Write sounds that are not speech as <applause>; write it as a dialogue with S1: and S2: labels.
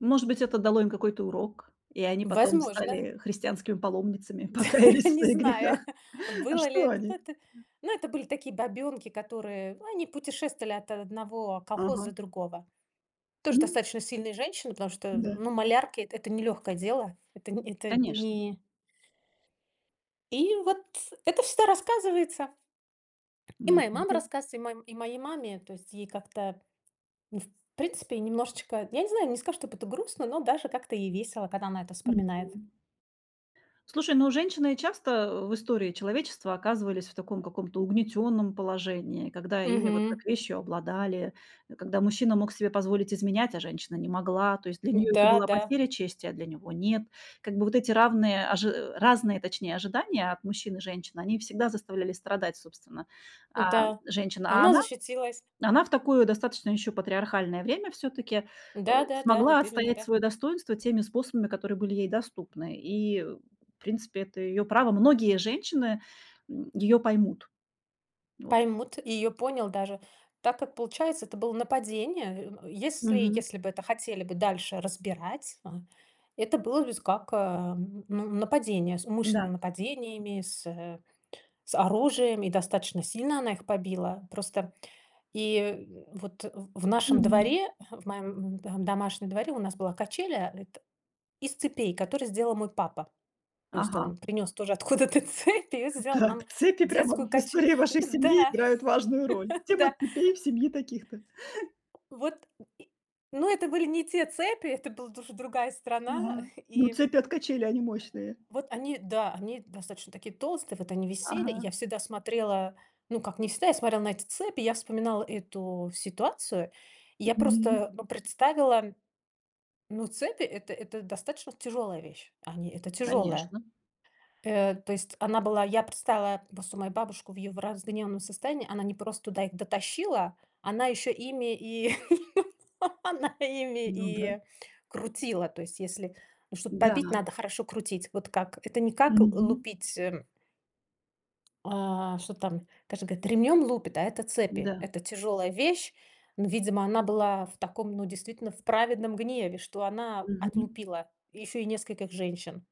S1: Ну, может быть, это дало им какой-то урок, и они потом
S2: Возможно.
S1: стали христианскими паломницами.
S2: <laughs>
S1: Покаялись в
S2: Не
S1: своих
S2: знаю,
S1: грехах.
S2: <chuckles>
S1: А
S2: было ли
S1: что
S2: это да,
S1: они?
S2: это. Ну, это были такие бабёнки, которые, ну, они путешествовали от о одного колхоза
S1: Ага.
S2: до другого. Тоже
S1: Мгм.
S2: достаточно сильные женщины, потому что,
S1: М-да.
S2: ну, малярки- эт это не лёгкое дело. Эт это
S1: Конечно.
S2: ни И вот это всегда рассказывается И
S1: Ну,
S2: моей мамой
S1: м-да.
S2: рассказывается, и мо и моей маме. То есть ей как-то, ну, в принципе, немножечко, я не знаю, не скажу, чтоб это грустно, но даже как-то ей весело, когда она это вспоминает.
S1: Мгм. Слушай, ну, женщины, э, часто, э, в истории человечества оказывались в таком каком-то угнетённом положении, когда ими вот
S2: Мгм.
S1: как вещью обладали. Э, когда мужчина мог себе позволить изменять, а женщина не могла, то есть для неё это
S2: М-да,
S1: была
S2: да.
S1: потеря чести, а для него нет. Как бы вот эти равные ожи разные, точнее, ожидания от мужчин и женщин, они всегда заставляли страдать, собственно, а,
S2: М-да,
S1: женщин.
S2: а
S1: А
S2: она
S1: она,
S2: защитилась.
S1: а она в такое достаточно ещё патриархальное время всё-таки, э,
S2: Да да да,
S1: смогла
S2: вот именно,
S1: отстоять
S2: да.
S1: своё достоинство теми способами, которые были ей доступны, и, в принципе, это её право. Многие женщины, м, её поймут. Вот.
S2: Поймут, и её понял даже. Так как получается, это было нападение. Э, если
S1: Мгм.
S2: если бы это хотели бы дальше разбирать, а это было бы с как, э, ну, нападение. С умышленным
S1: М-да.
S2: нападениями, с, э, с оружием, и достаточно сильно она их побила. Просто и, э, вот, э, в нашем
S1: Мгм.
S2: дворе, э, в моём, м, эм, домашнем дворе у нас была качеля эт из цепей, которые сделал мой папа. То есть
S1: Ага.
S2: он принёс тоже откуда-то цепь и
S1: Да
S2: сделал
S1: да,
S2: нам
S1: цепи
S2: детскую
S1: прямо в
S2: каче
S1: истории вашей
S2: м,
S1: семьи
S2: да,
S1: играют важную роль.
S2: <laughs>
S1: Тема
S2: да.
S1: цепей в семье таких-то.
S2: Вот, м, и, ну, это были не те цепи, это была дуж другая страна.
S1: Ага. Ну,
S2: И
S1: цепи от качелей, они мощные.
S2: Вот они, да, они достаточно такие толстые, вот они висели. И
S1: Ага.
S2: я всегда смотрела, ну, как не всегда, я смотрела на эти цепи, и я вспоминала эту ситуацию. И
S1: М,
S2: я
S1: мгм.
S2: просто, ну, представила, ну, цепи- это это достаточно тяжелая вещь. Они- это тяжелая.
S1: Конечно.
S2: Э, то есть она была я представила просто мою бабушку в её в разгневанном состоянии. Она не просто туда их дотащила, она ещё ими и, <laughs> она ими
S1: Ну да.
S2: и крутила. То есть если, ну, чтоб побить,
S1: М-да.
S2: надо хорошо крутить. Вот как это не как
S1: Мгм.
S2: лупить, э А, что-то там, <unintelligible> ремнем лупит, а это цепи.
S1: М-да.
S2: Это тяжелая вещь. Но, видимо, она была в таком, ну, действительно, в праведном гневе, что она
S1: Мгм.
S2: отлупила еще и нескольких женщин.